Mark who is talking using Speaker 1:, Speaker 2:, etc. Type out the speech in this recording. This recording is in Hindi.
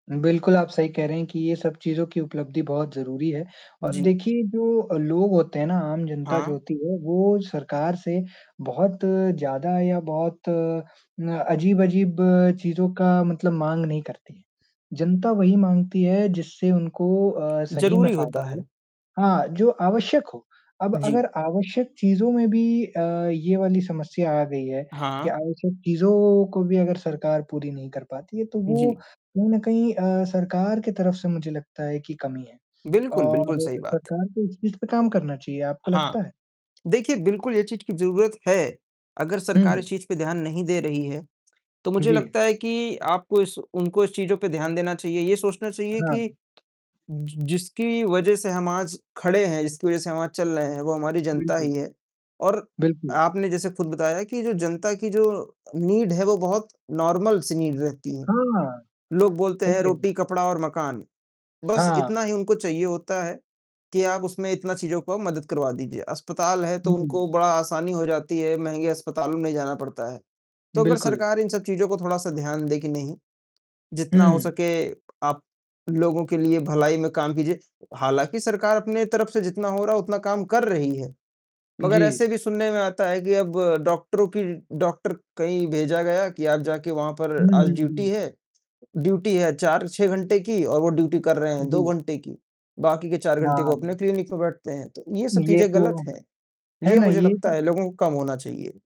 Speaker 1: बिल्कुल, आप सही कह रहे हैं कि ये सब चीज़ों की उपलब्धि बहुत ज़रूरी है और
Speaker 2: जी।
Speaker 1: देखिए जो लोग होते हैं ना, आम जनता जो
Speaker 2: हाँ।
Speaker 1: होती है वो सरकार से बहुत ज़्यादा या बहुत अ, अजीब-अजीब चीज़ों का मतलब माँग नहीं करती है। जनता वही माँगती है, जिससे उनको अ, सही में
Speaker 2: ज़रूरी होता
Speaker 1: फ़ायदा हो
Speaker 2: है।
Speaker 1: हाँ, जो आवश्यक हो। अब
Speaker 2: जी।
Speaker 1: अगर आवश्यक चीज़ों में भी अ, ये वाली समस्या आ गई है कि,
Speaker 2: हाँ।
Speaker 1: आवश्यक चीज़ों को भी अगर सरकार पूरी नहीं कर पाती है तो वो
Speaker 2: जी।
Speaker 1: कहीं न कहीं अ, सरकार की तरफ से मुझे लगता है कि कमी है
Speaker 2: बिल्कुल, बिल्कुल
Speaker 1: और
Speaker 2: सही बात।
Speaker 1: सरकार को इस चीज़ पे काम करना चाहिए, आपको
Speaker 2: हाँ,
Speaker 1: लगता है?
Speaker 2: देखिए बिल्कुल ये चीज़ की ज़रूरत है, अगर सरकार इस
Speaker 1: हुँ।
Speaker 2: चीज़ पे ध्यान नहीं दे रही है, तो मुझे
Speaker 1: जी।
Speaker 2: लगता है कि आपको इस उनको इस चीज़ों पे ध्यान देना चाहिए। ये सोचना चाहिए कि,
Speaker 1: हाँ।
Speaker 2: ज जिसकी वज़ह से हम आज खड़े हैं, जिसकी वज़ह से हम आज चल रहे हैं, वो हमारी जनता
Speaker 1: बिल्कुल।
Speaker 2: ही है और
Speaker 1: बिल्कुल।
Speaker 2: आपने जैसे खुद बताया कि जो जनता की जो नीड है, वो बहुत नॉर्मल सी नीड रहती है।
Speaker 1: हाँ,
Speaker 2: लोग बोलते
Speaker 1: सही
Speaker 2: हैं
Speaker 1: कह रहे
Speaker 2: ,रोटी,
Speaker 1: हैं।
Speaker 2: कपड़ा और मकान, बस
Speaker 1: हाँ।
Speaker 2: इतना ही उनको चाहिए होता है, कि आप उसमें इतना चीज़ों को मदद करवा दीजिए। अस्पताल है तो उनको
Speaker 1: हुँ।
Speaker 2: बड़ा आसानी हो जाती है, महँगे अस्पतालों में नहीं जाना पड़ता है, तो अगर
Speaker 1: बिल्कुल।
Speaker 2: सरकार इन सब चीज़ों को थोड़ा-सा ध्यान दे कि नहीं, जितना हो
Speaker 1: हुँ।
Speaker 2: सके आप लोगों के लिए भलाई में काम कीजिए हालाँकि सरकार अपने तरफ से जितना हो रहा है, उतना काम कर रही है, मगर
Speaker 1: जी।
Speaker 2: ऐसे भी सुनने में आता है कि अब डॉक्टरों की डॉक्टर कहीं भेजा गया कि आप जाके वहाँ पर
Speaker 1: हुँ, हुँ,
Speaker 2: आज
Speaker 1: हुँ,
Speaker 2: ड्यूटी
Speaker 1: हुँ।
Speaker 2: है ड्यूटी है 4-6 घंटे की और वो ड्यूटी कर रहे हैं 2
Speaker 1: जी।
Speaker 2: घंटे की, बाकी के 4 घंटे वो अपने
Speaker 1: हाँ।
Speaker 2: क्लिनिक पे बैठते हैं तो ये सब
Speaker 1: ये
Speaker 2: चीजें
Speaker 1: तो
Speaker 2: गलत हैं,
Speaker 1: है
Speaker 2: ये
Speaker 1: ना
Speaker 2: मुझे
Speaker 1: ये
Speaker 2: लगता है लोगों को कम होना चाहिए।